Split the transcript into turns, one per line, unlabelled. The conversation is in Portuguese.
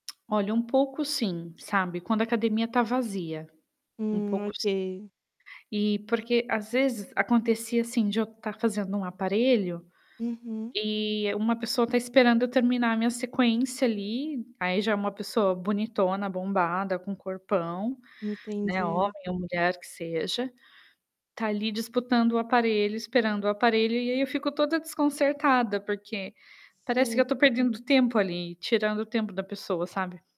Olha, um pouco, sim, sabe. Quando a academia está vazia. Um
Hum,
pouco sim.
ok.
Eh, porque às vezes acontecia, assim, de eu estar fazendo um aparelho,
Uhum.
e uma pessoa está esperando eu terminar a minha sequência ali. Aí já é uma pessoa bonitona, bombada, com um corpão, né, homem
Entendi.
ou mulher, que seja, tá ali disputando o aparelho, esperando o aparelho. E aí, eu fico toda desconcertada, porque parece que eu
Sim.
estou perdendo tempo ali, tirando o tempo da pessoa, sabe.